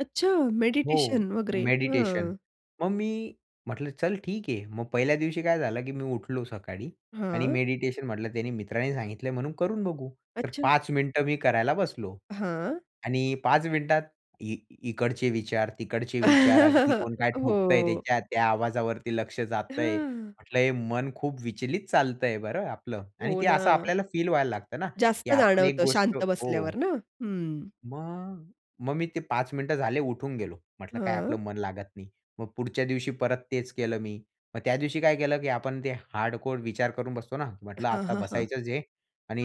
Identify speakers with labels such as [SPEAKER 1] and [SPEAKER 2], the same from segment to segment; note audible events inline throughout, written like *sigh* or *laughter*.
[SPEAKER 1] अच्छा
[SPEAKER 2] हो
[SPEAKER 1] मेडिटेशन वगैरे
[SPEAKER 2] मेडिटेशन.
[SPEAKER 1] हां.
[SPEAKER 2] मग मी म्हटलं चल ठीक आहे. मग पहिल्या दिवशी काय झालं की मी उठलो सकाळी आणि
[SPEAKER 1] हां.
[SPEAKER 2] मेडिटेशन म्हटलं त्यांनी मित्रांनी सांगितलंय म्हणून करून बघू. तर
[SPEAKER 1] अच्छा.
[SPEAKER 2] 5 मिनिटं मी करायला बसलो
[SPEAKER 1] हां.
[SPEAKER 2] आणि 5 मिनिटात ई इकडचे विचार, तिकडचे विचार अगदी
[SPEAKER 1] *chuckles*
[SPEAKER 2] कोण काय ठोकतंय,
[SPEAKER 1] हो.
[SPEAKER 2] त्याच्या त्या आवाजावरती लक्ष जातंय.
[SPEAKER 1] हां.
[SPEAKER 2] म्हटलं हे मन खूप विचलित चालतंय बरं आपलं आणि
[SPEAKER 1] हो
[SPEAKER 2] ते असं
[SPEAKER 1] ना.
[SPEAKER 2] आपल्याला फील व्हायला लागतं ना. की
[SPEAKER 1] जास्त
[SPEAKER 2] आपण एक
[SPEAKER 1] जाणवतं
[SPEAKER 2] गोष्ट
[SPEAKER 1] शांत बसल्यावर
[SPEAKER 2] हो.
[SPEAKER 1] ना. हं.
[SPEAKER 2] मग मग मी ते 5 मिनिटं झाले उठून गेलो. म्हटलं काय आपलं
[SPEAKER 1] हां.
[SPEAKER 2] मन लागत नाही. मग पुढच्या दिवशी परत तेच केलं मी. मग त्या दिवशी काय केलं की आपण ते हार्डकोर विचार करून बसतोना म्हटलं
[SPEAKER 1] हां,
[SPEAKER 2] आता
[SPEAKER 1] हां, हां.
[SPEAKER 2] बसायचंच आहे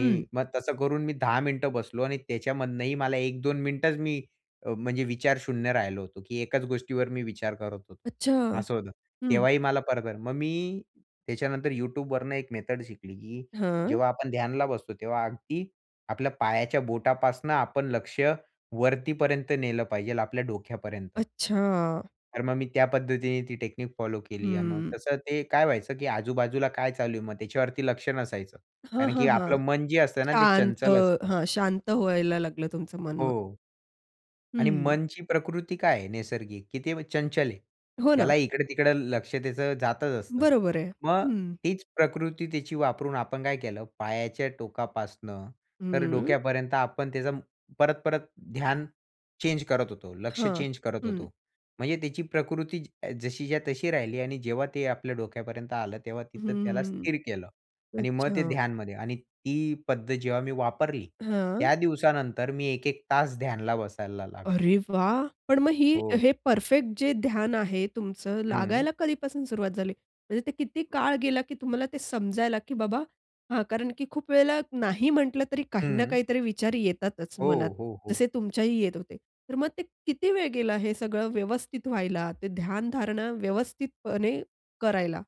[SPEAKER 1] हं
[SPEAKER 2] मग तसं करून मी 10 मिनिटं बसलो आणि त्याच्यामधनंही मला 1-2 मिनिटच मी, अ, म्हणजे विचार शून्य राहिलो होतो की एकाच गोष्टीवर मी विचार करत होतो.
[SPEAKER 1] अच्छा.
[SPEAKER 2] असं होतं.
[SPEAKER 1] हं.
[SPEAKER 2] तेव्हाही मला *unintelligible* मग मी त्याच्यानंतर YouTubeवरनं एक मेथड शिकली की
[SPEAKER 1] हां.
[SPEAKER 2] जेव्हा आपण ध्यानाला बसतो तेव्हा अगदी आपल्या पायाच्या बोटापासून आपण लक्ष वरतीपर्यंत नेलं पाहिजेल आपल्या डोक्यापर्यंत.
[SPEAKER 1] अच्छा.
[SPEAKER 2] तर मग मी त्या पद्धतीने ती टेक्निक फॉलो केली आणि मग
[SPEAKER 1] हम्म.
[SPEAKER 2] तसं ते काय व्हायचं की आजूबाजूला काय चालू आहे. मग त्याच्यावरती लक्ष नसायचं.
[SPEAKER 1] हां,
[SPEAKER 2] कारण
[SPEAKER 1] हां,
[SPEAKER 2] की आपलं
[SPEAKER 1] हां.
[SPEAKER 2] मन जे असतंना ते
[SPEAKER 1] शांत
[SPEAKER 2] चंचल असतं.
[SPEAKER 1] हां, शांत व्हायला लागलं तुमचं मन मग.
[SPEAKER 2] हो. आणि
[SPEAKER 1] हं.
[SPEAKER 2] मनची प्रकृती काय आहे नैसर्गिक की ते चंचल आहे.
[SPEAKER 1] हो ना.
[SPEAKER 2] त्याला इकडं-तिकडं लक्ष त्याचं जातच असतं.
[SPEAKER 1] बरोबर आहे.
[SPEAKER 2] मग
[SPEAKER 1] हं.
[SPEAKER 2] तीच प्रकृती त्याची वापरून आपण काय केलं पायाच्या टोकापासून तर
[SPEAKER 1] हं.
[SPEAKER 2] डोक्यापर्यंत आपण त्याचा परत-परत ध्यान चेंज करत होतो. लक्ष
[SPEAKER 1] हां,
[SPEAKER 2] चेंज करत
[SPEAKER 1] हं.
[SPEAKER 2] होतो. म्हणजे त्याची प्रकृती ज जशीच्या तशी राहिली आणि जेव्हा ते आपल्या डोक्यापर्यंत आलं तेव्हा तिथं त्याला
[SPEAKER 1] हं.
[SPEAKER 2] स्थिर केलं आणि मग ते
[SPEAKER 1] अच्छा.
[SPEAKER 2] ध्यानमध्ये आणि ती पद्धत जेव्हा मी वापरली
[SPEAKER 1] हां.
[SPEAKER 2] त्या दिवसानंतर मी 1-1 तास ध्यानला बसायला लागलो.
[SPEAKER 1] अरे, वाह! पण मग ही
[SPEAKER 2] हो.
[SPEAKER 1] हे परफेक्ट जे ध्यान आहे तुमचं
[SPEAKER 2] हं.
[SPEAKER 1] लागायला कधीपासून सुरुवात झाली. म्हणजे ते किती काळ गेला की तुम्हाला ते समजायला की बाबा हां, कारण की खूप वेळेला नाही म्हटलं तरी काही ना
[SPEAKER 2] हं.
[SPEAKER 1] काही तरी विचार येतातच
[SPEAKER 2] हो,
[SPEAKER 1] मनात.
[SPEAKER 2] हो, हो.
[SPEAKER 1] जसे तुमच्याही येत होते. तर मग ते किती वेळ गेला हे सगळं व्यवस्थित व्हायला? ते ध्यान-धारणा व्यवस्थितपणे करायला?